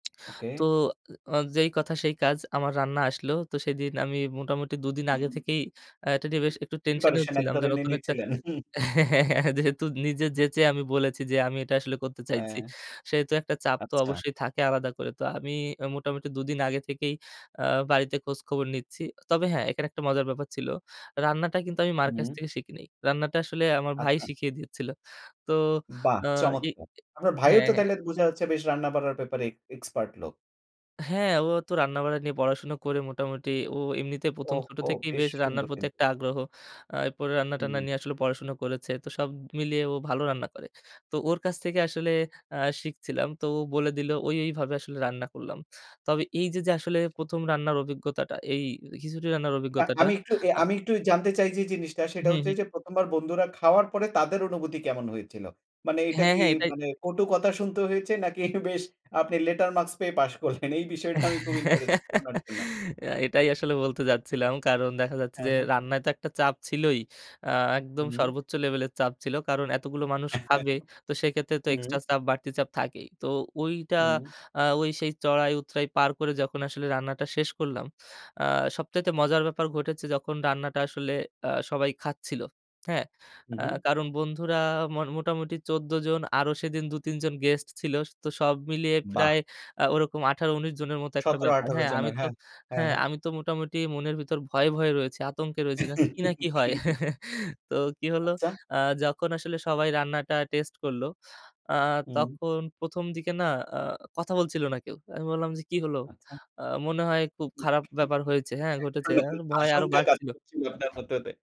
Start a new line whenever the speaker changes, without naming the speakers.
ওকে।
তো আ যেই কথা সেই কাজ আমার রান্না আসলো। তো সেদিন আমি মোটামুটি ২ দিন আগে থেকেই আ এটা বেশ একটু টেনশনেও
প্রিপারেশন এক
ছিলাম যে
ধরনের
নতুন একটা
নিচ্ছিলেন।
হ্যাঁ, হ্যাঁ, হ্যাঁ, যেহেতু নিজে যেচে আমি বলেছি যে আমি এটা আসলে করতে চাইছি।
হ্যাঁ।
সেহেতু একটা চাপ তো
আচ্ছা।
অবশ্যই থাকে আলাদা করে। তো আমি মোটামুটি ২ দিন আগে থেকেই আ বাড়িতে খোঁজ খবর নিচ্ছি। তবে হ্যাঁ, এখানে একটা মজার ব্যাপার ছিল। রান্নাটা কিন্তু আমি মার কাছ
হুম।
থেকে শিখি নাই। রান্নাটা আসলে আমার ভাই
আচ্ছা।
শিখিয়ে দিয়েছিল। তো
বাহ!
আ ই ই
চমৎকার। আপনার ভাইও
হ্যাঁ,
তো
হ্যাঁ।
তাইলে বোঝা হচ্ছে বেশ রান্নাবাড়ার ব্যাপারে এ এক্সপার্ট লোক।
হ্যাঁ ও তো রান্নাবাড়া নিয়ে পড়াশোনা করে মোটামুটি ও এমনিতে ১ম ছোট
ওহো!
থেকেই
বেশ
বেশ রান্নার
সুন্দর
প্রতি
কিন
একটা আগ্রহ। আ এরপরে রান্না-টান্না
হুম।
নিয়ে আসলে পড়াশোনা করেছে। তো সব মিলিয়ে ও ভালো রান্না করে। তো ওর কাছ থেকে আসলে আ শিখছিলাম। তো ও বলে দিল ও এইভাবে আসলে রান্না করলাম। তবে এইযে যে আসলে ১ম রান্নার অভিজ্ঞতাটা এই খিচুড়ি রান্নার অভিজ্ঞতাটা
আমি একটু এ
আ
আমি একটু জানতে চাই যে জিনিসটা সেটা
হুম,
হচ্ছে
হুম।
যে ১ম বার বন্ধুরা খাওয়ার পরে তাদের অনুভূতি কেমন হয়েছিল? মানে এটা
হ্যাঁ,
কি
হ্যাঁ, এটাই।
মানে কটু কথা শুনতে হয়েছে নাকি বেশ আপনি লেটার মার্কস পেয়ে পাস করলেন? এই বিষয়টা আমি খুব ইন্টারেস্টেড শোনার জন্য।
এটাই আসলে বলতে যাচ্ছিলাম। কারণ দেখা যাচ্ছে
হ্যাঁ,
যে
হ্যাঁ।
রান্নায় তো একটা চাপ ছিলই। আ একদম
হুম।
সর্বোচ্চ লেভেলের চাপ ছিল। কারণ এতগুলো মানুষ খাবে তো সেক্ষেত্রে তো
হুম।
এক্সট্রা চাপ বাড়তি চাপ থাকেই। তো ঐটা
হুম।
আ ওই সেই চড়াই-উতরাই পার করে যখন আসলে রান্নাটা শেষ করলাম আ সবচাইতে মজার ব্যাপার ঘটেছে যখন রান্নাটা আসলে আ সবাই খাচ্ছিল, হ্যাঁ?
হুম,
আ
হুম।
কারণ বন্ধুরা ম মোটামুটি ১৪ জন আরো সেদিন ২ ৩ জন গেস্ট ছিল। তো সব মিলিয়ে
বাহ!
প্রায় ওরকম ১৮-১৯ জনের মতো
সতেরো
একটা
থেকে
ব্যাপার।
আঠারো
হ্যাঁ আমি
জনের
তো
হ্যাঁ, হ্যাঁ,
হ্যাঁ
হ্যাঁ।
আমি তো মোটামুটি মনের ভিতর ভয়ে, ভয়ে রয়েছি, আতঙ্কে রয়েছি জ কি না কি হয় তো কি হলো
আচ্ছা।
আ যখন আসলে সবাই রান্নাটা টেস্ট করলো আ
হুম।
তখন ১ম দিকে না আ কথা বলছিল না কেউ। আমি বললাম যে, "কি হলো?"
আচ্ছা।
আ মনে হয় খুব খারাপ ব্যাপার হয়েছে হ্যাঁ ঘটেছে।
[unintelligible]
ভয় আরো
আশঙ্কা কাজ
বাড়ছিল।
করছিল আপনার ভিতরে।